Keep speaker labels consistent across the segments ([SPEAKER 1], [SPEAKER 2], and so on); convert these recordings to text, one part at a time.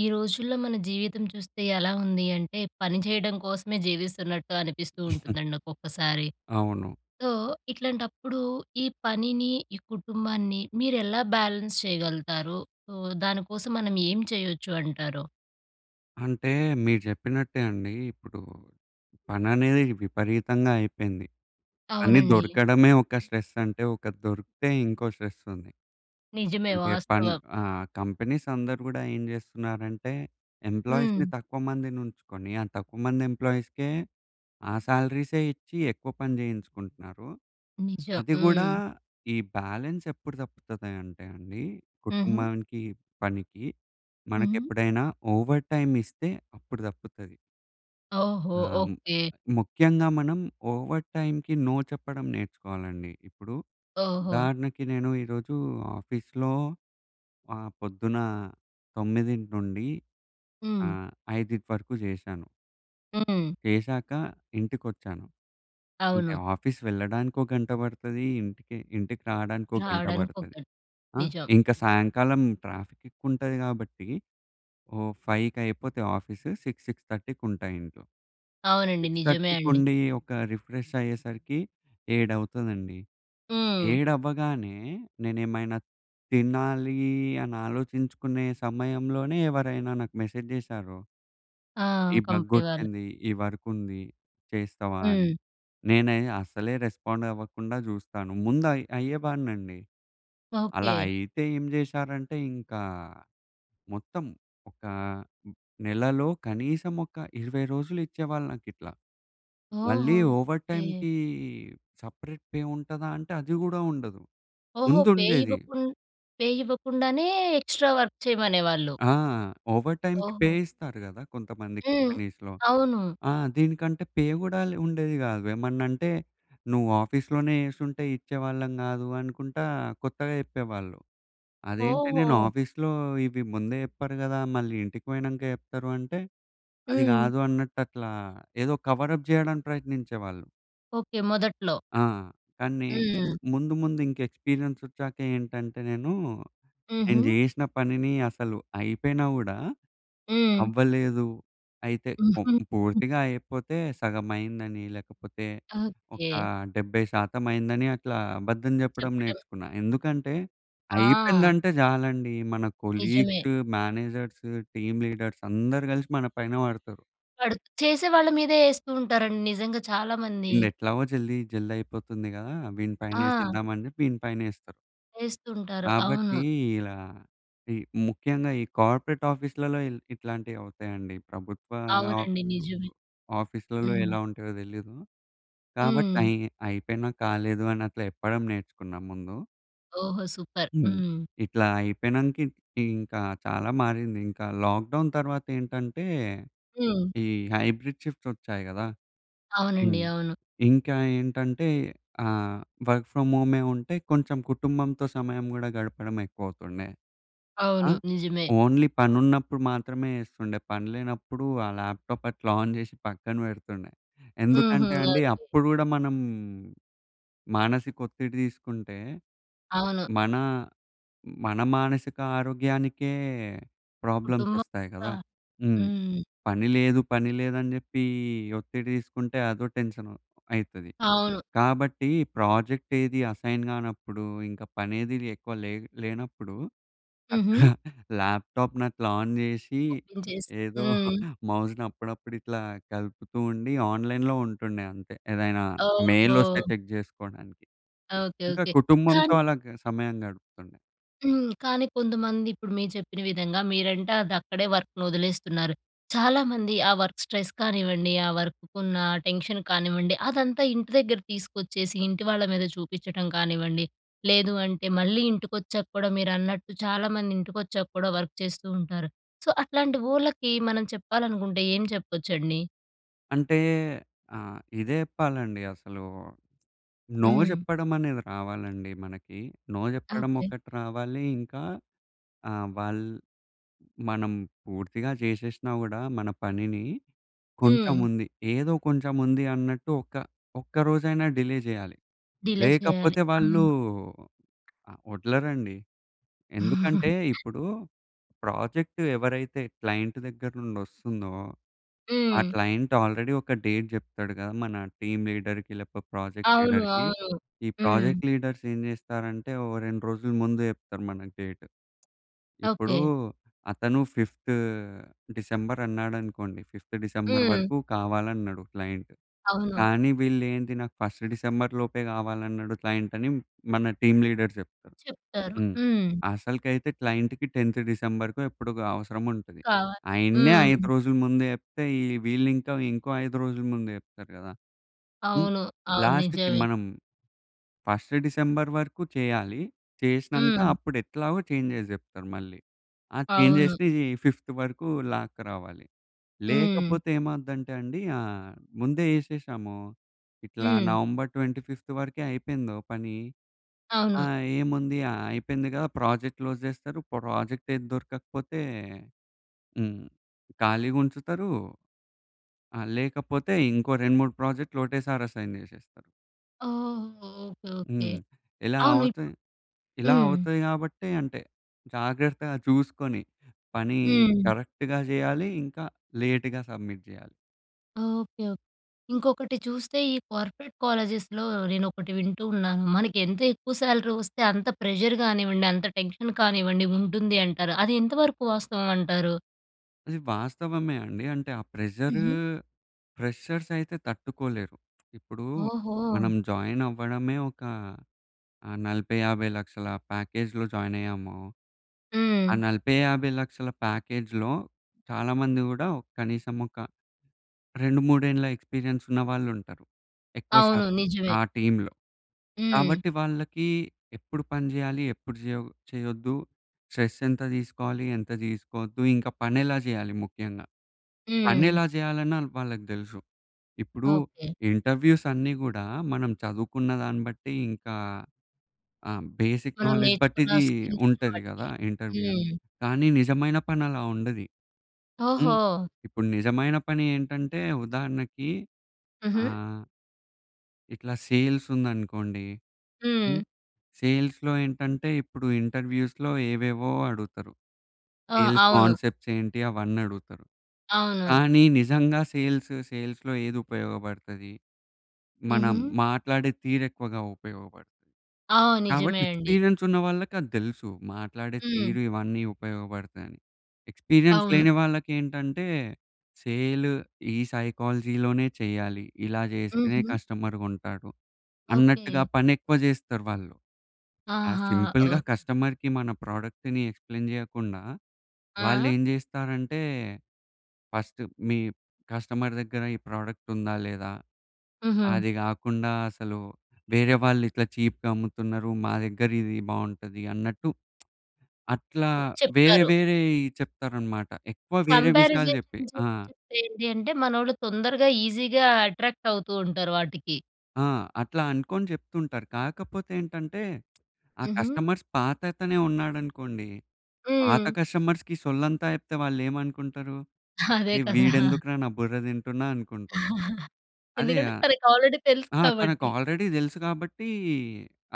[SPEAKER 1] ఈ రోజుల్లో మన జీవితం చూస్తే ఎలా ఉంది అంటే పని చేయడం కోసమే జీవిస్తున్నట్టు అనిపిస్తూ ఉంటుందండి ఒక్కొక్కసారి.
[SPEAKER 2] అవును.
[SPEAKER 1] సో ఇట్లాంటప్పుడు, ఈ పనిని, ఈ కుటుంబాన్ని మీరు ఎలా బ్యాలెన్స్ చేయగలుగుతారు? సో దాని కోసం మనం ఏం చేయొచ్చు అంటరు?
[SPEAKER 2] అంటే మీరు చెప్పినట్టే అండి. ఇప్పుడు పని అనేది విపరీతంగా అయిపోయింది. పని
[SPEAKER 1] అవునండి.
[SPEAKER 2] దొరకడమే ఒక స్ట్రెస్ అంటే ఒక దొరికితే ఇంకో స్ట్రెస్ ఉంది.
[SPEAKER 1] నిజమే,
[SPEAKER 2] అంటే పన్
[SPEAKER 1] వాస్తవం.
[SPEAKER 2] ఆహ్, కంపెనీస్ అందరూ గూడా ఏం చేస్తున్నారంటే ఎంప్లాయీస్‌ని
[SPEAKER 1] హ్మ్.
[SPEAKER 2] తక్కువ మందిని ఉంచుకొని, ఆ తక్కువ మంది ఎంప్లాయీస్‌కే ఆ సాలరీసే ఇచ్చి ఎక్కువ పని చేయించుకుంటున్నారు.
[SPEAKER 1] నిజం.
[SPEAKER 2] అది గూడా
[SPEAKER 1] హ్మ్.
[SPEAKER 2] ఈ బ్యాలెన్స్ ఎప్పుడు తప్పుతది అంటే అండి,
[SPEAKER 1] హుహు.
[SPEAKER 2] కుటుంబానికి పనికి
[SPEAKER 1] హుహు.
[SPEAKER 2] మనకెప్పుడైనా ఓవర్ టైమ్ ఇస్తే అప్పుడు తప్పుతది.
[SPEAKER 1] ఓహో!
[SPEAKER 2] ఆ!
[SPEAKER 1] ఓకె.
[SPEAKER 2] ముఖ్యంగా మనం ఓవర్ టైమ్‌కి నో చెప్పడం నేర్చుకోవాలండి. ఇప్పుడు
[SPEAKER 1] ఓహో!
[SPEAKER 2] ఉదాహరణకి నేను ఈరోజు ఆఫీస్‌లో ఆహ్, పొద్దున 9:00 నుండి
[SPEAKER 1] హ్మ్.
[SPEAKER 2] ఆహ్, 5:00 వరకు చేశాను.
[SPEAKER 1] హ్మ్.
[SPEAKER 2] చేశాక ఇంటికి వచ్చాను. అంటే,
[SPEAKER 1] అవును.
[SPEAKER 2] ఆఫీస్ వెళ్ళడానికి ఒక గంట పడతది. ఇంటికి ఇంటికి రావడానికి ఒక గంట
[SPEAKER 1] రావడానికి ఒక
[SPEAKER 2] పడతది.
[SPEAKER 1] గన్
[SPEAKER 2] ఆహ్,
[SPEAKER 1] నిజం.
[SPEAKER 2] ఇంకా సాయంకాలం ట్రాఫిక్ ఎక్కువ ఉంటది కాబట్టి ఓహ్, 5:00కి అయిపోతే ఆఫీసు 6:00, 6:30 ఉంటా ఇంట్లో.
[SPEAKER 1] అవునండి.
[SPEAKER 2] సిక్స్
[SPEAKER 1] నిజమే
[SPEAKER 2] థర్టీకి
[SPEAKER 1] అండి.
[SPEAKER 2] ఉండి, ఒక రిఫ్రెష్ అయ్యేసరికి ఏడవుతుందండి.
[SPEAKER 1] హ్మ్.
[SPEAKER 2] ఏడవ్వగానే, నేనేమైనా తినాలీ అని ఆలోచించుకునే సమయంలోనే ఎవరైనా నాకు మెసేజ్ చేసారో
[SPEAKER 1] ఆ!
[SPEAKER 2] "ఈ
[SPEAKER 1] కంపెనీ వాళ్ళు.
[SPEAKER 2] బగొచ్చింది. ఈ వర్క్ ఉంది, చేస్తావా" అని.
[SPEAKER 1] హ్మ్.
[SPEAKER 2] నేను అస్సలే రెస్పాండ్ అవ్వకుండా చూస్తాను. ముందు అయ్ అయ్యేవాడినండి. అలా
[SPEAKER 1] ఓకే.
[SPEAKER 2] అయితే ఏం చేశారంటే, ఇంకా మొత్తం ఒక నెలలో కనీసం ఒక 20 రోజులు ఇచ్చేవాళ్ళు నాకు ఇట్లా. మళ్ళీ
[SPEAKER 1] ఓహో!
[SPEAKER 2] Over
[SPEAKER 1] okay.
[SPEAKER 2] టైమ్‌కి సెపరేట్ పే ఉంటదా అంటే, అది కూడా ఉండదు.
[SPEAKER 1] ఓహో!
[SPEAKER 2] ముందు
[SPEAKER 1] పే
[SPEAKER 2] ఉండేది.
[SPEAKER 1] ఇవ్వకున్ పే ఇవ్వకుండానే ఎక్స్ట్రా వర్క్ చేయమనేవాళ్ళు.
[SPEAKER 2] ఆ! ఓవర్ టైమ్‌కి పే
[SPEAKER 1] ఓహో!
[SPEAKER 2] ఇస్తారు కదా. కొంతమంది
[SPEAKER 1] హ్మ్.
[SPEAKER 2] కంపెనీస్‌లో.
[SPEAKER 1] అవును.
[SPEAKER 2] ఆ! దీనికంటే పే కూడా లే ఉండేది కాదు. ఏమన్నా అంటే, "నువ్వు ఆఫీస్‌లోనే చేసుంటే ఇచ్చేవాళ్ళం కాదు" అనుకుంటా కొత్తగా చెప్పేవాళ్ళు. అదేంటి నేను
[SPEAKER 1] ఓహో!
[SPEAKER 2] ఆఫీస్‌లో ఇవి ముందే చెప్పారు కదా, మళ్ళీ ఇంటికి పోయినాక చెప్తారు అంటే, "అది
[SPEAKER 1] హ్మ్.
[SPEAKER 2] కాదు" అన్నట్టు, అట్లా ఏదో కవర్ అప్ చేయడానికి ప్రయత్నించేవాళ్ళు.
[SPEAKER 1] ఓకే. మొదట్లో.
[SPEAKER 2] ఆ! కానీ
[SPEAKER 1] హ్మ్.
[SPEAKER 2] ముందు ముందు ఇంకా ఎక్స్‌పీరియెన్స్ వచ్చాక ఏంటంటే నేను, నేను
[SPEAKER 1] హుహు.
[SPEAKER 2] చేసిన పనిని అసలు అయిపోయినా గూడా,
[SPEAKER 1] హ్మ్.
[SPEAKER 2] అవ్వలేదు అయితే
[SPEAKER 1] హుహు. హ్మ్.
[SPEAKER 2] పూర్తిగా అయిపోతే సగమైందని, లేకపోతే ఒక
[SPEAKER 1] ఓకే.
[SPEAKER 2] 70% అయిందని అట్లా అబద్ధం చెప్పడం
[SPEAKER 1] చెప్పడం.
[SPEAKER 2] నేర్చుకున్నా. ఎందుకంటే,
[SPEAKER 1] ఆ!
[SPEAKER 2] అయిపోయిందంటే చాలండి మన
[SPEAKER 1] నిజమే.
[SPEAKER 2] కొలీగ్స్, మేనేజర్సు, టీమ్ లీడర్స్ అందరూ కలిసి మన పైన పడతారు.
[SPEAKER 1] వడు చేసే వాళ్ళ మీదే ఏస్తూ ఉంటారండి నిజంగా చాలామంది.
[SPEAKER 2] వీన్దీ ఎట్లాగో జల్ది జల్ది అయిపోతుంది గదా! వీని పైన
[SPEAKER 1] ఆ!
[SPEAKER 2] ఏసేద్దాం అని చెప్పి వీని పైనేస్తారు.
[SPEAKER 1] ఏస్తుంటారు. అవును.
[SPEAKER 2] కాబట్టి ఇలా ఈ ముఖ్యంగా ఈ కార్పొరేట్ ఆఫీస్‌లలో ఇట్లాంటివి అవుతాయండి. ప్రభుత్వ ఆఫ్
[SPEAKER 1] అవునండి. నిజమే.
[SPEAKER 2] ఆఫీస్‌లలో
[SPEAKER 1] హ్మ్.
[SPEAKER 2] ఎలా ఉంటాయో తెలీదు. కాబట్టి
[SPEAKER 1] హ్మ్.
[SPEAKER 2] అయ్ అయిపోయినా కాలేదు అని అట్ల చెప్పడం నేర్చుకున్నా ముందు.
[SPEAKER 1] ఓహో! సూపర్.
[SPEAKER 2] హ్మ్.
[SPEAKER 1] హ్మ్.
[SPEAKER 2] ఇట్లా అయిపోయినంక ఇ ఇంకా చాలా మారింది. ఇంకా లాక్‌డౌన్ తర్వాత ఏంటంటే,
[SPEAKER 1] హ్మ్.
[SPEAKER 2] ఈ హైబ్రిడ్ షిఫ్ట్స్ వచ్చాయి గదా!
[SPEAKER 1] అవునండి.
[SPEAKER 2] హ్మ్.
[SPEAKER 1] అవును.
[SPEAKER 2] ఇంకా ఏంటంటే ఆహ్, వర్క్ ఫ్రామ్ హోమే ఉంటే కొంచెం కుటుంబంతో సమయం గూడా గడపడం ఎక్కువవుతుండే. ఆ!
[SPEAKER 1] అవును. నిజమే.
[SPEAKER 2] ఓన్లీ పనున్నప్పుడు మాత్రమే ఎస్తుండే. పని లేనప్పుడు ఆ ల్యాప్‌టాప్ అట్లా ఆన్ చేసి పక్కన పెడుతుండే.
[SPEAKER 1] హుహు.
[SPEAKER 2] ఎందుకంటే అండి
[SPEAKER 1] ఓకే.
[SPEAKER 2] అప్పుడు గూడా మనం మానసిక ఒత్తిడి తీసుకుంటే,
[SPEAKER 1] అవును.
[SPEAKER 2] మన మన మానసిక ఆరోగ్యానికే ప్రాబ్లమ్స్
[SPEAKER 1] కుటుంబం
[SPEAKER 2] వస్తాయి
[SPEAKER 1] గూడా.
[SPEAKER 2] గదా! హ్మ్.
[SPEAKER 1] హ్మ్.
[SPEAKER 2] పని లేదు పని లేదని చెప్పి ఒత్తిడి తీసుకుంటే, అదో టెన్షన్ అయితది.
[SPEAKER 1] అవును.
[SPEAKER 2] కాబట్టి ప్రాజెక్ట్ ఏది అసైన్ కానప్పుడు, ఇంక పనేది ఎక్కువ లే లేనప్పుడు,
[SPEAKER 1] హుహు.
[SPEAKER 2] ల్యాప్‌టాప్‌ని అట్లా ఆన్ చేసి
[SPEAKER 1] ఓపెన్ చేసి
[SPEAKER 2] ఏదో
[SPEAKER 1] హ్మ్.
[SPEAKER 2] మౌస్‍ని అప్పుడప్పుడు ఇట్లా కలుపుతూ ఉండి ఆన్లైన్‍లో ఉంటుండే అంతే. ఏదైనా మెయిల్ వస్తే
[SPEAKER 1] ఓహో!
[SPEAKER 2] చెక్ చేసుకోడానికి.
[SPEAKER 1] ఓకే.
[SPEAKER 2] ఇంకా
[SPEAKER 1] ఓకే.
[SPEAKER 2] కుటుంబంతో
[SPEAKER 1] కానీ
[SPEAKER 2] అలా సమయం గడుపుతుండే.
[SPEAKER 1] హ్మ్. కానీ కొంతమంది ఇప్పుడు మీరు చెప్పిన విధంగా, మీరంటే అది అక్కడే వర్క్‌ని ఒదిలేస్తున్నారు. చాలా మంది ఆ వర్క్ స్ట్రెస్ కానివ్వండి, ఆ వర్క్‌కున్న టెన్షన్ కానివ్వండి, అదంతా ఇంటి దగ్గర తీసుకొచ్చేసి, ఇంటి వాళ్ళ మీద చూపిచ్చడం కానివ్వండి, లేదు అంటే మళ్ళీ ఇంటికొచ్చాక కూడా మీరన్నట్టు చాలామంది ఇంటికొచ్చాక కూడా వర్క్ చేస్తూ ఉంటారు. సో, అట్లాంటి వోళ్ళకి మనం చెప్పాలనుకుంటే ఏం చెప్పొచ్చండి?
[SPEAKER 2] అంటే ఆహ్, ఇదే జెప్పాలండి అసలు. నో
[SPEAKER 1] హ్మ్.
[SPEAKER 2] జెప్పడం అనేది రావాలండి మనకి. నో జెప్పడం
[SPEAKER 1] ఓకే.
[SPEAKER 2] ఒకటి రావాలి. ఇంకా ఆహ్, వాళ్ మనం పూర్తిగా జేసేశ్నా కూడా మన పనిని, కొంచెం
[SPEAKER 1] హ్మ్.
[SPEAKER 2] ఉంది ఏదో కొంచెం ఉంది అన్నట్టు ఒక్క ఒక్క రోజైనా డిలే జేయాలి.
[SPEAKER 1] డిలే చేయాలి.
[SPEAKER 2] లేకపోతే, వాళ్ళు
[SPEAKER 1] అవును.
[SPEAKER 2] వదలరండి. ఎందుకంటే, ఇప్పుడు ప్రాజెక్టు ఎవరైతే క్లైంట్ దగ్గర నుండి వస్తుందో. ఆ
[SPEAKER 1] హ్మ్.
[SPEAKER 2] క్లైంట్ ఆల్రెడీ ఒక డేట్ జెప్తాడు గదా! మన టీమ్ లీడర్‌కి లేకపోతే, ప్రాజెక్ట్
[SPEAKER 1] అవును.
[SPEAKER 2] లీడర్‌కి.
[SPEAKER 1] అవును.
[SPEAKER 2] ఈ
[SPEAKER 1] హ్మ్.
[SPEAKER 2] ప్రాజెక్ట్ లీడర్స్ ఏం జేస్తారంటే, ఓ 2 రోజులు ముందు జెప్తారు మనకి డేట్. ఇప్పుడు,
[SPEAKER 1] ఓకే.
[SPEAKER 2] అతను ఫిఫ్తు డిసెంబర్ అన్నాడనుకోండి! ఫిఫ్త్ డిసెంబర్
[SPEAKER 1] హ్మ్.
[SPEAKER 2] వరకు కావాలన్నడు క్లయింట్.
[SPEAKER 1] అవును.
[SPEAKER 2] కానీ వీళ్ళు ఏంది, "నాకు ఫస్ట్ డిసెంబర్‌లోపే గావాలన్నడు క్లయింట్" అని మన టీమ్ లీడర్స్ జెప్తారు.
[SPEAKER 1] చెప్తారు.
[SPEAKER 2] హ్మ్.
[SPEAKER 1] హ్మ్.
[SPEAKER 2] అసలుకైతే క్లయింట్‌కి 10థ్ డిసెంబర్‌కో ఎప్పడుకో అవసరం ఉంటది.
[SPEAKER 1] కావాలి.
[SPEAKER 2] ఆయననే
[SPEAKER 1] హ్మ్.
[SPEAKER 2] 5 రోజుల ముందు చెప్తే, వీళ్ళు ఇంకా ఇంకో 5 రోజుల ముందు జెప్తారు గదా! హ్మ్.
[SPEAKER 1] అవును. అవును.
[SPEAKER 2] లాస్ట్‌కి
[SPEAKER 1] నిజమే.
[SPEAKER 2] మనం ఫస్ట్ డిసెంబర్ వరకు చేయాలి. చేశినంక
[SPEAKER 1] హ్మ్.
[SPEAKER 2] అప్పుడు ఎట్లాగో చేంజెస్ జెప్తారు మళ్ళీ. ఆ
[SPEAKER 1] అవును.
[SPEAKER 2] చేంజెస్‌ని ఈ ఫిఫ్త్ వరకు లాక్కరావాలి.
[SPEAKER 1] హ్మ్.
[SPEAKER 2] లేకపోతే ఏమవుద్దంటే అండి, ఆహ్, ముందే జేషేసామో ఇట్లా
[SPEAKER 1] హ్మ్.
[SPEAKER 2] నవంబర్ 25థ్ వరకే అయిపోయిందో పని
[SPEAKER 1] అవును.
[SPEAKER 2] ఆహ్, ఏముంది ఆహ్, అయిపోయింది గదా! ప్రాజెక్ట్ క్లోజ్ జేస్తారు. ప్రాజెక్ట్ ఏది దొరకకపోతే హ్మ్. ఖాళీగుంచుతారు. ఆహ్, లేకపోతే ఇంకో 2, 3 ప్రాజెక్ట్‌లు ఒకటేసారి అసైన్ జేశేస్తారు.
[SPEAKER 1] ఓహ్! ఓకె. ఓకె.
[SPEAKER 2] హ్మ్. ఇలా
[SPEAKER 1] అవును. ఇప్పు
[SPEAKER 2] అవుతయి ఇలా
[SPEAKER 1] హ్మ్.
[SPEAKER 2] అవుతాయి కాబట్టి అంటే జాగ్రత్తగా చూసుకొని పని
[SPEAKER 1] హ్మ్.
[SPEAKER 2] కరెక్ట్‌గా చేయాలి. ఇంకా లేట్‌గా సబ్మిట్ చేయాలి.
[SPEAKER 1] ఓకె. ఓకె. ఇంకొకటి చూస్తే ఈ కార్పొరేట్ కాలేజెస్‍లో, నేనొకటి వింటూ ఉన్నాను. మనకి ఎంత ఎక్కువ స్యాలరీ వస్తే, అంత ప్రెజర్ గానివ్వండి. అంత టెన్షన్ కానివ్వండి ఉంటుంది అంటారు. అది ఎంతవరకు వాస్తవం అంటారు?
[SPEAKER 2] అది వాస్తవమే అండి. అంటే ఆ ప్రెజరు,
[SPEAKER 1] హుహు.
[SPEAKER 2] ఫ్రెషర్స్ అయితే తట్టుకోలేరు. ఇప్పుడు మనం
[SPEAKER 1] ఓహో!
[SPEAKER 2] జాయిన్ అవ్వడమే ఒక ఆహ్, 40,00,000, 50,00,000 ప్యాకేజ్‌లో జాయిన్ అయ్యామో. ఆ
[SPEAKER 1] హ్మ్.
[SPEAKER 2] 40,00,000, 50,00,000 ప్యాకేజ్‌లో చాలామంది కూడా ఒక కనీసం ఒక 2, 3 ఏండ్ల ఎక్స్పీరియన్స్ ఉన్నవాళ్ళు ఉంటారు. ఎక్కువ
[SPEAKER 1] అవును
[SPEAKER 2] శాతం
[SPEAKER 1] నిజమే.
[SPEAKER 2] ఆ టీమ్‌లో.
[SPEAKER 1] హ్మ్.
[SPEAKER 2] కాబట్టి వాళ్ళకి ఎప్పుడు పని చెయ్యాలి? ఎప్పుడు చేయకు చెయ్యొద్దు? స్ట్రెస్ ఎంత తీసుకోవాలి? ఎంత తీసుకోవద్దు. ఇంకా పని ఎలా చేయాలి ముఖ్యంగా, పని
[SPEAKER 1] హ్మ్.
[SPEAKER 2] ఎలా చేయాలన్న వాళ్ళకి తెలుసు. ఇప్పుడు
[SPEAKER 1] ఓకె.
[SPEAKER 2] ఇంటర్వ్యూస్ అన్నీ కూడా మనం చదువుకున్న దాన్ని బట్టి ఇంకా ఆహ్, బేసిక్
[SPEAKER 1] మనం
[SPEAKER 2] నాలెడ్జ్ బట్టి
[SPEAKER 1] నేర్చుకున్న
[SPEAKER 2] ఇది
[SPEAKER 1] స్కిల్స్‌ని
[SPEAKER 2] ఉంటది
[SPEAKER 1] బట్టి.
[SPEAKER 2] కదా ఇంటర్వ్యూ.
[SPEAKER 1] హ్మ్.
[SPEAKER 2] కానీ నిజమైన పని అలా ఉండది. హ్మ్.
[SPEAKER 1] ఓహో!
[SPEAKER 2] ఇప్పుడు నిజమైన పని ఏంటంటే ఉదాహరణకి
[SPEAKER 1] హుహు.
[SPEAKER 2] ఆహ్... ఇట్లా సేల్స్ ఉందనుకోండి.
[SPEAKER 1] హ్మ్.
[SPEAKER 2] హ్మ్. సేల్స్‌లో ఏంటంటే, ఇప్పుడు ఇంటర్వ్యూస్‌లో ఏవేవో అడుగుతారు.
[SPEAKER 1] ఆ!
[SPEAKER 2] సేల్స్
[SPEAKER 1] అవును.
[SPEAKER 2] కాన్సెప్ట్స్ ఏంటి అవన్నీ అడుగుతారు.
[SPEAKER 1] అవును.
[SPEAKER 2] కానీ నిజంగా సేల్స్, సేల్స్‌లో ఏది ఉపయోగపడతది. మనం
[SPEAKER 1] హుహు.
[SPEAKER 2] మాట్లాడే తీరు ఎక్కువగా ఉపయోగపడుతది.
[SPEAKER 1] ఆ!
[SPEAKER 2] కాబట్టి
[SPEAKER 1] నిజమే అండి.
[SPEAKER 2] ఎక్స్పీరియన్స్ ఉన్న వాళ్ళకి అది తెలుసు. మాట్లాడే
[SPEAKER 1] హ్మ్.
[SPEAKER 2] తీరు ఇవన్నీ ఉపయోగపడతాయని. ఎక్స్పీరియన్స్
[SPEAKER 1] అవును.
[SPEAKER 2] లేని వాళ్ళకి ఏంటంటే, సేల్ ఈ సైకాలజీ‌లోనే చెయ్యాలి. ఇలా చేస్తేనే
[SPEAKER 1] హుహు.
[SPEAKER 2] కస్టమర్‌గుంటాడు.
[SPEAKER 1] ఓకె.
[SPEAKER 2] అన్నట్టుగా పని ఎక్కువ చేస్తారు వాళ్ళు. ఆ
[SPEAKER 1] ఆహా!
[SPEAKER 2] సింపుల్‌గా
[SPEAKER 1] ఓహ్!
[SPEAKER 2] కస్టమర్‌కి మన ప్రొడక్ట్‌ని ఎక్స్‌ప్లేన్ చేయకుండా, వాళ్ళు
[SPEAKER 1] ఆ!
[SPEAKER 2] ఏం చేస్తారంటే ఫస్ట్ మీ కస్టమర్ దగ్గర ఈ ప్రోడక్ట్ ఉందా లేదా.
[SPEAKER 1] హుహు.
[SPEAKER 2] అది గాకుండా అసలు వేరే వాళ్ళు ఇట్లా చీప్‌గమ్ముతున్నారు. మా దగ్గర ఇది బాగుంటది అన్నట్టు. అట్లా వేరే
[SPEAKER 1] చెప్తారు.
[SPEAKER 2] వేరేయి చెప్తారనమాట. ఎక్కువ వేరే విషయాలు చెప్పి.
[SPEAKER 1] కంపారిసేషన్
[SPEAKER 2] ఆ!
[SPEAKER 1] చేసి చెప్తే ఏంటి అంటే, మనోళ్ళు తొందరగా ఈజీగా అట్రాక్ట్ అవుతూ ఉంటారు వాటికి.
[SPEAKER 2] ఆ! అట్లా అనుకోని చెప్తుంటారు. కాకపోతే ఏంటంటే, ఆ
[SPEAKER 1] హుహు.
[SPEAKER 2] కస్టమర్స్ పాతతనే ఉన్నాడనుకోండి. పాత
[SPEAKER 1] హ్మ్.
[SPEAKER 2] కస్టమర్స్‌కి సొల్లంతా చెప్తే వాళ్ళేమనుకుంటారు.
[SPEAKER 1] అదే
[SPEAKER 2] "అరే
[SPEAKER 1] కదా!
[SPEAKER 2] వీడెందుకురా నా బుర్ర తింటున్నా" అనుకుంటారు. అదే
[SPEAKER 1] ఎందుకంటే తనకి ఆల్రెడీ తెలుసు
[SPEAKER 2] ఆ! తనకు
[SPEAKER 1] కాబట్టి.
[SPEAKER 2] ఆల్రెడీ తెలుసు కాబట్టి,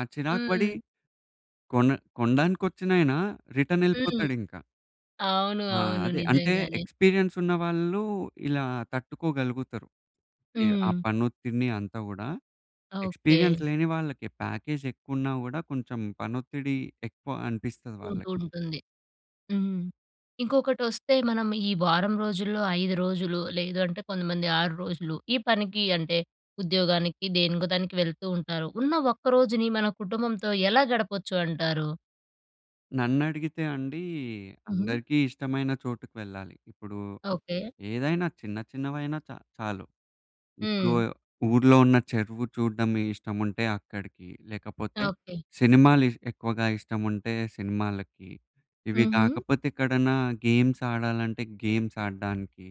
[SPEAKER 2] ఆ చిరాకు పడి
[SPEAKER 1] హ్మ్.
[SPEAKER 2] కొన కొనడానికి వచ్చినయన రిటర్న్
[SPEAKER 1] హ్మ్.
[SPEAKER 2] ఎళ్ళిపోతాడు ఇంక.
[SPEAKER 1] అవును,
[SPEAKER 2] ఆ!
[SPEAKER 1] అవును.
[SPEAKER 2] అదే. అంటే
[SPEAKER 1] నిజంగానే.
[SPEAKER 2] ఎక్స్పీరియన్స్ ఉన్నవాళ్ళు, ఇలా తట్టుకోగలుగుతారు. యాహ్! ఆ
[SPEAKER 1] హ్మ్.
[SPEAKER 2] పని ఒత్తిడిని అంతా గూడా.
[SPEAKER 1] ఓకే.
[SPEAKER 2] ఎక్స్పీరియన్స్ లేని వాళ్ళకి ప్యాకేజ్ ఎక్కువున్నా గూడా కొంచెం పని ఒత్తిడి ఎక్కువ అనిపిస్తది వాళ్ళకి.
[SPEAKER 1] ఉంటూ ఉంటుంది. హ్మ్. ఇంకొకటి వొస్తే మనం ఈ వారం రోజుల్లో, 5 రోజులు లేదంటే, కొంతమంది 6 రోజులు. ఈ పనికి అంటే, ఉద్యోగానికి దేనికో దానికి వెళ్తూ ఉంటారు. ఉన్న ఒక్క రోజుని మన కుటుంబంతో ఎలా గడపొచ్చు అంటారు?
[SPEAKER 2] నన్ను అడిగితే అండి,
[SPEAKER 1] హుహు.
[SPEAKER 2] అందరికీ ఇష్టమైన చోటుకి వెళ్ళాలి. ఇప్పుడు
[SPEAKER 1] ఓకే.
[SPEAKER 2] ఏదైనా చిన్న చిన్నవైనా చ చాలు. ఇప్పుడు
[SPEAKER 1] హ్మ్.
[SPEAKER 2] ఊర్లో ఉన్న చెరువు చూడ్డం ఇష్టముంటే అక్కడికి. లేకపోతే
[SPEAKER 1] ఓకే.
[SPEAKER 2] సినిమాలు ఇష్ ఎక్కువగా ఇష్టముంటే సినిమాలకి. ఇవి
[SPEAKER 1] హుహు.
[SPEAKER 2] కాకపోతే ఎక్కడన్నా గేమ్స్ ఆడాలంటే గేమ్స్ ఆడడానికి.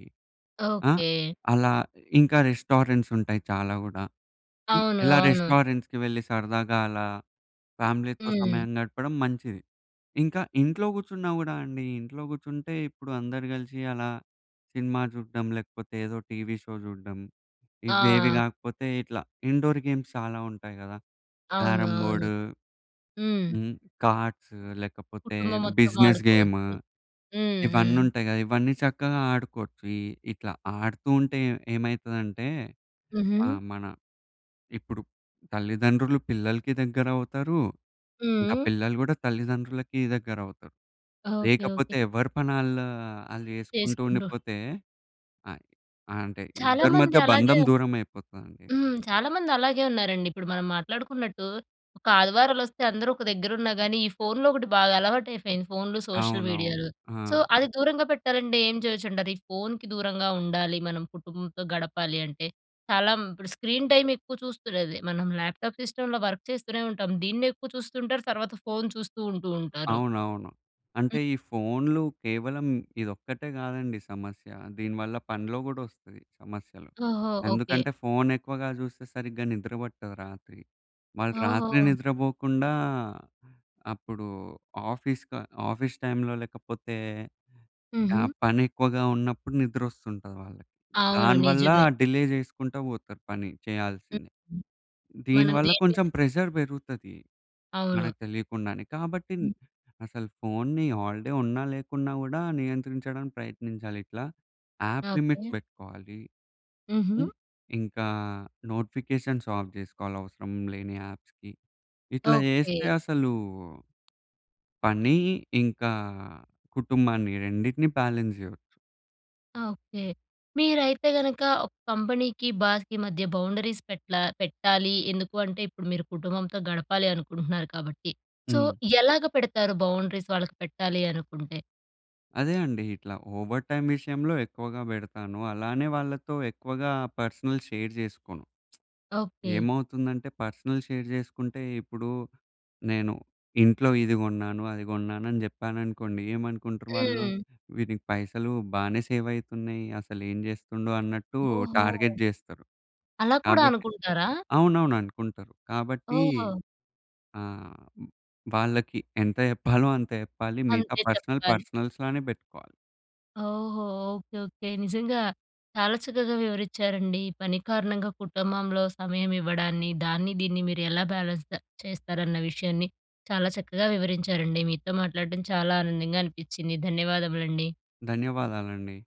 [SPEAKER 2] ఆ!
[SPEAKER 1] ఓకే.
[SPEAKER 2] అలా. ఇంకా రెస్టారెంట్స్ ఉంటాయి చాలా గూడా. హ్మ్,
[SPEAKER 1] అవును,
[SPEAKER 2] ఇలా
[SPEAKER 1] అవును.
[SPEAKER 2] రెస్టారెంట్స్‌కి వెళ్ళి, సరదాగా అలా ఫ్యామిలీతో
[SPEAKER 1] హ్మ్.
[SPEAKER 2] సమయం గడపడం మంచిది. ఇంకా ఇంట్లో కూర్చున్నా గూడా అండి, ఇంట్లో కూర్చుంటే ఇప్పుడు అందరూ కలిసి అలా సినిమా చూడ్డం లేకపోతే, ఏదో టీవీ షో చూడ్డం. ఇవేవి
[SPEAKER 1] ఆ!
[SPEAKER 2] కాకపోతే ఇట్లా ఇండోర్ గేమ్స్ చాలా ఉంటాయి గదా!
[SPEAKER 1] అవును,
[SPEAKER 2] క్యారమ్
[SPEAKER 1] అవును.
[SPEAKER 2] బోర్డు
[SPEAKER 1] హ్మ్.
[SPEAKER 2] హ్మ్, కార్డ్సూ లేకపోతే
[SPEAKER 1] కుటుంబం మొత్తం
[SPEAKER 2] బిజినెస్ గేము.
[SPEAKER 1] ఆడుకోవచ్చు. హ్మ్,
[SPEAKER 2] ఇవన్నీ
[SPEAKER 1] హ్మ్.
[SPEAKER 2] ఉంటాయి గదా! ఇవన్నీ చక్కగా ఆడుకోవచ్చు. ఇ ఇట్లా ఆడుతూ ఉంటే, ఏ ఏమైతుందంటే
[SPEAKER 1] హుహు.
[SPEAKER 2] ఆహ్, మన ఇప్పుడు తల్లిదండ్రులు పిల్లలకి దగ్గర అవుతారు. ఇంకా
[SPEAKER 1] హ్మ్.
[SPEAKER 2] పిల్లలు గూడా తల్లిదండ్రులకి దగ్గర అవుతారు.
[SPEAKER 1] Okay, okay.
[SPEAKER 2] లేకపోతే ఎవరి పని ఆళ్ళు, ఆళ్ళు చేసుకుంటూ
[SPEAKER 1] చేసుకుంటు
[SPEAKER 2] ఉండిపోతే, అ అంటే
[SPEAKER 1] చాలా
[SPEAKER 2] ఇద్దరి
[SPEAKER 1] మంది
[SPEAKER 2] మధ్య
[SPEAKER 1] అలాగే
[SPEAKER 2] బంధం దూరం అయిపోతదండి.
[SPEAKER 1] హ్మ్. చాలామంది అలాగే ఉన్నారండి. ఇప్పుడు మనం మాట్లాడుకున్నట్టు ఒక ఆదివారాలు వొస్తే అందరూ ఒక దగ్గర ఉన్నా గానీ, ఈ ఫోన్‌లు ఒకటి బాగా అలవాటు అయిపోయింది. ఫోన్‌లు, సోషల్
[SPEAKER 2] అవునవును.
[SPEAKER 1] మీడియాలు. సో,
[SPEAKER 2] ఆ!
[SPEAKER 1] అది దూరంగా పెట్టాలంటే ఏం చేయొచ్చుంటారు? ఇది ఫోన్‍కి దూరంగా ఉండాలి, మనం కుటుంబంతో గడపాలి అంటే, చాలా ఇప్పుడు స్క్రీన్ టైమ్ ఎక్కువ చూస్తూనేది. మనం ల్యాప్టాప్, సిస్టమ్‌లో వర్క్ చేస్తూనే ఉంటాం. దీన్నే ఎక్కువ చూస్తూ ఉంటారు. తర్వాత ఫోన్ చూస్తూ ఉంటూ ఉంటారు.
[SPEAKER 2] అవునవును. అంటే
[SPEAKER 1] హ్మ్.
[SPEAKER 2] ఈ ఫోన్‌లు కేవలం ఇదొక్కటే కాదండి సమస్య. దీనివల్ల పన్లో గూడా వస్తది, సమస్యలు.
[SPEAKER 1] ఓహో! ఓకే.
[SPEAKER 2] ఎందుకంటే, ఫోన్ ఎక్కువగా చూస్తే సరిగ్గా నిద్ర పట్టదు రాత్రి. వాళ్ళు రాత్రి
[SPEAKER 1] ఓహో!
[SPEAKER 2] నిద్రపోకుండా, అప్పుడు ఆఫీస్ క ఆఫీస్ టైమ్‌లో లేకపోతే ఆ
[SPEAKER 1] హుహు.
[SPEAKER 2] పని ఎక్కువగా ఉన్నప్పుడు నిద్ర వస్తుంటది వాళ్ళకి.
[SPEAKER 1] అవును.
[SPEAKER 2] దానివల్ల
[SPEAKER 1] నిజమే.
[SPEAKER 2] డిలే చేసుకుంటూ పోతారు పని చేయాల్సింది.
[SPEAKER 1] మనం
[SPEAKER 2] దీనివల్ల
[SPEAKER 1] దేని మీద
[SPEAKER 2] కొంచెం ప్రెజర్ పెరుగుతది,
[SPEAKER 1] అవును.
[SPEAKER 2] మనకు తెలియకుండానే. కాబట్టి
[SPEAKER 1] హ్మ్.
[SPEAKER 2] అసలు ఫోన్‌ని హాల్‌డే ఉన్నా లేకున్నా గూడా, నియంత్రించడానికి ప్రయత్నించాలి ఇట్లా. App limit
[SPEAKER 1] okay.
[SPEAKER 2] పెట్టుకోవాలి. హ్మ్,
[SPEAKER 1] హుహు.
[SPEAKER 2] ఇంకా నోటిఫికేషన్స్ ఆఫ్ చేసుకోవాలి అవసరం లేని యాప్స్‌కి. ఇట్లా
[SPEAKER 1] ఓకే.
[SPEAKER 2] చేస్తే అసలు పని, ఇంకా కుటుంబాన్ని రెండిటిని బాలన్స్ చేయొచ్చు.
[SPEAKER 1] ఓకే. మీరైతే గనక ఒక కంపెనీకి బాస్‌కి మధ్య బౌండరీస్ పెట్లా పెట్టాలి. ఎందుకు అంటే, ఇప్పుడు మీరు కుటుంబంతో గడపాలి అనుకుంటున్నారు కాబట్టి. సో,
[SPEAKER 2] హ్మ్.
[SPEAKER 1] ఎలాగ పెడతారు బౌండరీస్ వాళ్ళకి పెట్టాలి అనుకుంటే?
[SPEAKER 2] అదే అండి. ఇట్లా ఓవర్ టైమ్ విషయంలో ఎక్కువగా పెడతాను. అలానే వాళ్ళతో ఎక్కువగా పర్సనల్ షేర్ చేసుకోను.
[SPEAKER 1] ఓకే.
[SPEAKER 2] ఏమవుతుందంటే, పర్సనల్ షేర్ చేసుకుంటే, ఇప్పుడు నేను ఇంట్లో ఇది కొన్నాను, అది కొన్నాను అని చెప్పాననుకోండి, ఏమనుకుంటరు వాళ్ళు,"
[SPEAKER 1] హ్మ్.
[SPEAKER 2] వీడికి పైసలు బానే సేవ్ అయితున్నయి. అసలు ఏం చేస్తుండు" అన్నట్టు
[SPEAKER 1] ఓహో!
[SPEAKER 2] టార్గెట్ చేస్తరు.
[SPEAKER 1] అలా కూడా
[SPEAKER 2] కాబట్టి
[SPEAKER 1] అనుకుంటారా?
[SPEAKER 2] అవునవును అనుకుంటరు. కాబట్టి
[SPEAKER 1] ఓహ్!
[SPEAKER 2] ఆహ్, వాళ్ళకి ఎంత చెప్పాలో, అంత చెప్పాలి. మిగతా
[SPEAKER 1] అంతే
[SPEAKER 2] పర్సనల్
[SPEAKER 1] చెప్పాలి.
[SPEAKER 2] పర్సనల్స్‌లోనే పెట్టుకోవాలి.
[SPEAKER 1] ఓహో! Okay, okay. నిజంగా చాలా చక్కగ వివరించారండి. ఈ పని కారణంగా కుటుంబంలో సమయం ఇవ్వడాన్ని. దాన్ని, దీన్ని మీరు ఎలా బ్యాలెన్స్ చేస్తారన్న విషయాన్ని. చాలా చక్కగా వివరించారండి. మీతో మాట్లాడడం చాలా ఆనందంగా అనిపించింది. ధన్యవాదములండి.
[SPEAKER 2] ధన్యవాదాలండి.